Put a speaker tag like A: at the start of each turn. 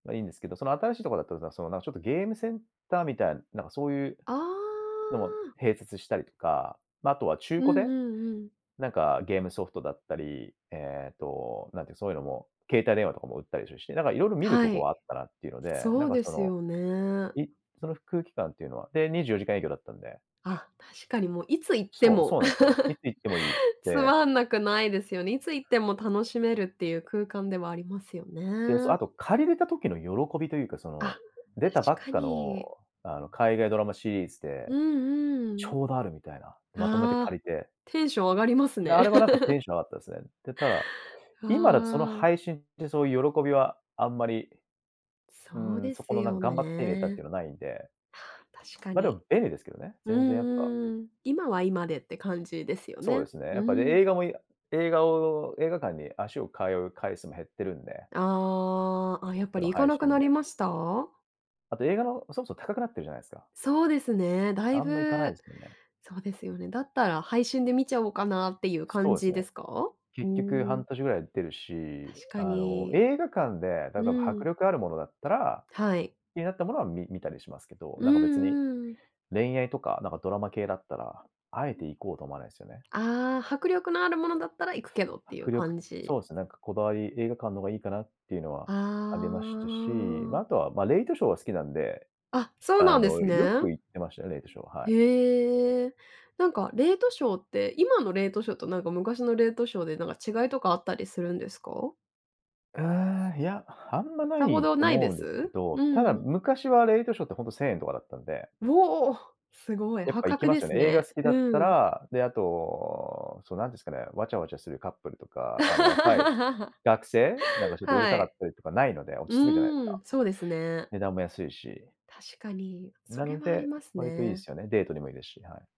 A: ま、いいんですけど、その新しいとこだったらさ、その、なんか、ちょっとゲームセンターみたい、なんか、そう言う
B: あ
A: のも
B: あ。
A: 併設したりとか、まあ、あとは中
B: う
A: 古
B: んう
A: で、
B: んうん。
A: なんか、ゲームソフトだったり、ええと、なんて言う、そう言うのも、携帯電話とかも売ったりするし、なんか色々見る
B: は
A: とこ
B: い。
A: はあったなって言うので、
B: そ
A: なん
B: う
A: か、
B: で
A: そ
B: す
A: の、
B: よね。
A: いその空気感って言うのは。で、24時間営業だったんで。
B: あ、確かにもう、いつ行って
A: そう、
B: も。
A: そうなんですよ。いつ 行ってもいいっ
B: つ
A: て。
B: まんなくないですよね。いつ行っても楽しめるって言う空間ではありますよ
A: で、そ、
B: ね。
A: あと借りれた時の喜びと言うか、その、
B: あ、
A: 出たば
B: 確
A: っ
B: か
A: かの、
B: に。
A: あの、海外ドラマシリーズ
B: う
A: で、
B: んう
A: ち
B: ん。
A: ょうどあるみたいな、まとめて
B: あ
A: 借
B: あ、
A: りて。
B: テンション上がります
A: で、
B: ね。
A: あれは、なんか、テンション上がったですね。で、ただ、今だとその
B: わあ。
A: 配信って、そう言う喜びは、あんまり。う
B: そう
A: ーん、
B: で
A: そ
B: す
A: この、なん
B: よ
A: か、頑張って手に入れたって
B: ね。
A: のないんで。
B: ああ、確か
A: ま、で
B: に。
A: も便利ですけどね、
B: う
A: 全然やっぱ。
B: んうん。今は、今でって感じですよ
A: そうで
B: ね。
A: すね、や
B: う
A: っぱね、
B: ーん。
A: 映画も映画を映画館に足を通う回数も減ってるんで。
B: ああ、あ、やっぱ
A: その
B: り行か
A: 配
B: なくな
A: 信で。
B: りました？
A: あと映画の、そもそも高くなってるじゃないですか。
B: そうですね、大
A: あんま行かない
B: 分、
A: ですよね。
B: そうですよね。だったら配信で見ちゃおうかなっていう感
A: そうです
B: じで
A: ね。
B: すか？ふー
A: 結局半
B: ん。
A: 年ぐらいで出るし、
B: 確か
A: あの、
B: に。
A: 映画館で、例
B: う
A: えば
B: ー
A: 迫
B: ん。
A: 力あるものだったら、
B: はい。
A: 気になったものはみ見たりしますけど、
B: う
A: なんか、別に、
B: んうん。
A: 恋愛とか、なんかドラマ系だったら、あえ
B: う
A: て
B: ん。
A: 行こうと思わないですよね。
B: ああ、迫力のあるものだったら行くけどって言う
A: 迫力、
B: 感じ。
A: そうですね、なんか、こだわり、映画館の方が良いかなって言うのは
B: あ
A: ありましたし、ま、
B: あ。
A: あとは、まあ、レイトショーは好きなんで、
B: あ、そうな
A: あ
B: んで
A: の、
B: す
A: よ
B: ね。
A: く行ってましたね、レイトショー、はい。
B: へえ。なんか、レイトショーって、今のレイトショーと、なんか、昔のレイトショーで、なんか違いとかあったりするんですか？
A: うーん、いや、あんまな
B: さほ
A: い
B: ど
A: と
B: ない
A: 思
B: で
A: うんですけ
B: す？う
A: ど、ただ
B: ん。
A: 昔はレイトショーってほんと1000円とかだったんで。
B: うお、すごい
A: やっ
B: 破
A: ぱ行き
B: 格
A: ま
B: で
A: すよ
B: す
A: ね。映画
B: ね。
A: 好きだった
B: うん。
A: ら。で、あと、そうなんですかね、わちゃわちゃするカップルとか、あの、若い 学生、なんか、ちょっとうる
B: は
A: さかっ
B: い。
A: たりとかないので、
B: う
A: 落ち着くじゃないです
B: ー
A: か。
B: ん、そうですね。
A: 値段も安いし。
B: 確かに、そ
A: な
B: れ
A: ん
B: はあり
A: で、
B: ます
A: 割と良い
B: ね。
A: すよね、デートにも良いですし、はい。